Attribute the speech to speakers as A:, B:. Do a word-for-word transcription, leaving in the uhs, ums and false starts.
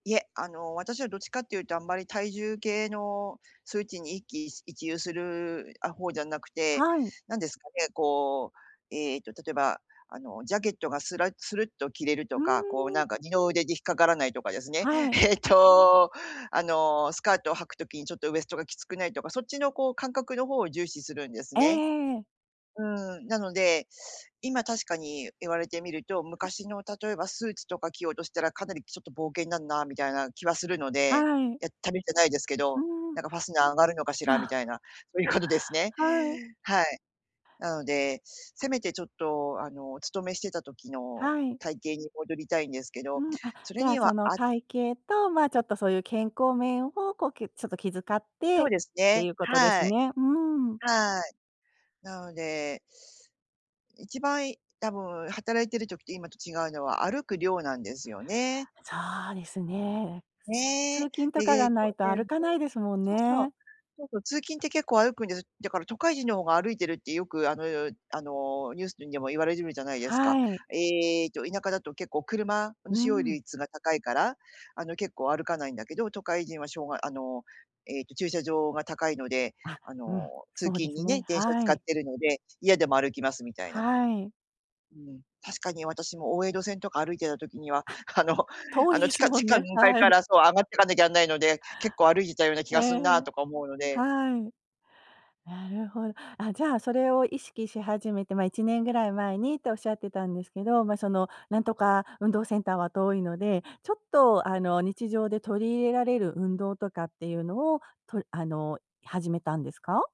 A: いえ、あの、私はどっちかっていうと、あんまり体重計の数値に、一喜い一憂する、あ、方じゃなくて。
B: はい。
A: 何ですかねこう、ええと、例えば、あの、ジャケットがスラッスルッと着れる
B: う
A: と
B: ん
A: か、こう、
B: うんうん。
A: なんか、二の腕で引っかからないとかですね。
B: はい。
A: ええと、あの、スカートを履く時に、ちょっとウエストがきつくないとか。そっちの、こう、感覚の方を重視するんです
B: えええ
A: ね。
B: えええ。
A: うん、なので、今、確かに言われてみると、
B: あ。
A: 昔の、例えばスーツとか着ようとしたら、かなり、ちょっと「冒険になるな」みたいな気はするので。
B: はい。
A: やってみたないですけ
B: う
A: ど、
B: んうん。
A: なんか「ファスナー上がるのかし
B: あ
A: ら」み
B: あ。
A: たいな。そういうことですね。
B: はい。
A: はい。なので、せめて、ちょっと、あの、お勤めしてた時の
B: はい。
A: 体型に戻りたいんですけど。
B: うん。あ、
A: そ
B: じ
A: れ
B: ゃあ、
A: に
B: そ
A: は、
B: の、
A: あ
B: 体型と、ま、ちょっと、そういう健康面を、こう、けちょっと、気遣って
A: そうです
B: っ
A: ね。
B: ていうことです
A: はい。
B: ね。うーん。
A: はい。なので一番、い多分働いてる時と今と違うのは、歩く量なんですよね。
B: そうですね。
A: ね
B: 通
A: え。。
B: 勤とかが
A: [unintelligible]
B: な
A: そう
B: いと歩かない
A: そ
B: ですもん
A: う
B: ね。
A: そうそう。通勤って結構歩くんです。だから、都会人の方が歩いてるって、よく、あのあの、ニュースでも言われてるじゃないですか。
B: はい。
A: ええと、田舎だと結構、車の
B: う
A: 使用
B: ん。
A: 率が高いから、あの、結構歩かないんだけど。都会人は、しょうがあの、ええと、駐車場が高いので、
B: あ、
A: あ
B: うん。
A: の、通
B: そう
A: 勤
B: です
A: にね、
B: ね。
A: 電車
B: は
A: 使っ
B: い。
A: てるので、嫌でも歩きますみたいな。
B: はい。
A: うん。確かに私も、大江戸線とか歩いてた時には、
B: あ、
A: あの
B: 遠
A: あ
B: い
A: の、
B: で
A: 地
B: す
A: 下
B: も
A: 地
B: ん
A: 下ウ
B: ね。
A: ン階
B: は
A: か
B: い。
A: ら、そう、上がっていかなきゃなんないので、結構歩いてたような気が
B: え
A: すんなあ
B: え。
A: とか思うので。
B: はい。なるほ。あ、じゃあ、それを意識し始めて、まあ、いちねんぐらい前にって仰ってたんですけど。ま、その、なんとか運動センターは遠いので、ちょっと、あの、日常で取り入れられる運動とかっていうのを、とあの、始めたんですか？